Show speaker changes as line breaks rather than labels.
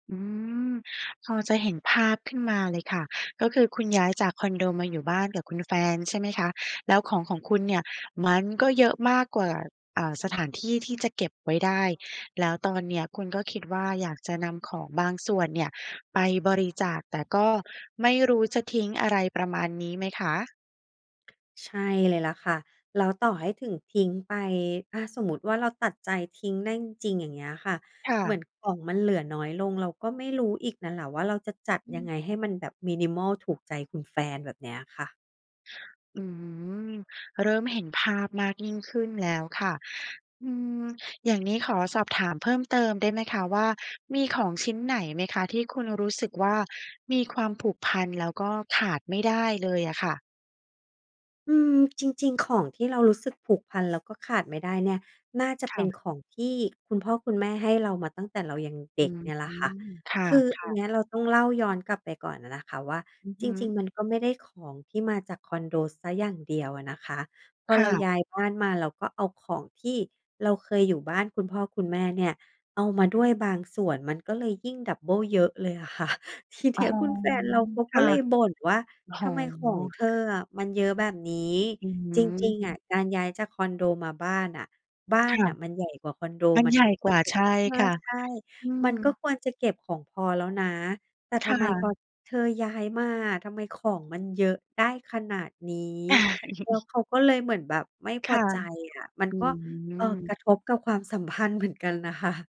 อืม พอจะเห็นภาพขึ้นมาเลยค่ะ ก็คือคุณย้ายจากคอนโดมาอยู่บ้านกับคุณแฟนใช่ไหมคะ? แล้วของของคุณเนี่ย มันก็เยอะมากกว่า อ่า สถานที่ที่จะเก็บไว้ได้ แล้วตอนเนี้ยคุณก็คิดว่าอยากจะนำของบางส่วนเนี่ยไปบริจาค แต่ก็ไม่รู้จะทิ้งอะไร ประมาณนี้ไหมคะ?
ใช่เลยละค่ะ แล้วต่อให้ถึงทิ้งไป ถ้าสมมุติว่าเราตัดใจทิ้งได้จริง ๆ อย่างเงี้ยค่ะ
ค่
เหมือ
ะ
นของมันเหลือน้อยลง เราก็ไม่รู้อีกน่ะแหละว่า เราจะจัด
อื
ยังไง
ม
ให้มันแบบ minimal ถูกใจคุณแฟนแบบเนี้ยค่ะ
อืม เริ่มเห็นภาพมากยิ่งขึ้นแล้วค่ะ อืม อย่างนี้ขอสอบถามเพิ่มเติมได้ไหมคะว่า มีของชิ้นไหนไหมคะ ที่คุณรู้สึกว่ามีความผูกพัน แล้วก็ขาดไม่ได้เลยอะค่ะ?
อืม จริง ๆ ของที่เรารู้สึกผูกพันแล้วก็ขาดไม่ได้เนี่ย น่าจะ
ค
เป
่
็น
ะ
ของที่คุณพ่อคุณแม่ให้เรามาตั้งแต่เรายังเ
อ
ด
ื
็ก
ม
เนี่ยล่ะค่ะ
ค่
คืออัน
ะ
เ
ๆ
นี้ยเราต้องเล่าย้อนกลับไปก่อนน่ะนะคะว่า
อือ
จ
ฮ
ริง
ึ
ๆ มันก็ไม่ได้ของที่มาจากคอนโดเสียอย่างเดียวอะนะคะ พอ
ค
เ
่
รา
ะ
ย้ายบ้านมาเราก็เอาของที่เราเคยอยู่บ้านคุณพ่อคุณแม่เนี่ย เอามาด้วยบางส่วนมันก็เลยยิ่ง ดับเบิล เยอะเลย ค่ะ ทีเ
อ
น
๋
ี
อ
้ยคุณแฟนเราเขา
ค
ก็
่ะ
เลยบ่นว่า
โอ้โ
"ทำไมของเ
ฮ
ธออะมันเยอะแบบนี้
อื
จริง ๆ อะ
ม
การย้ายจากคอนโดมาบ้านอะ บ้า
ค
น
่ะ
น่ะมันใหญ่กว่าคอนโด
มัน
มัน
ใหญ
ก็
่
ค
ก
ว
ว
ร
่า
จะ"
ใช่
ใ
ค่ะ
ช่ ๆ
อื
"มั
ม
นก็ควรจะเก็บของพอแล้วนะ แต่
ค
ทำ
่
ไมพอ
ะ
เธอย้ายมาอะ ทำไมของมันเยอะได้ขนาดนี้" แล้วเขาก็เลยเหมือนแบบไม่พ
ค
อ
่ะ
ใจอะ มัน
อื
ก็ เอ่อ ก
ม
ระทบกับความ สัมพันธ์เหมือนกันน่ะค่ะ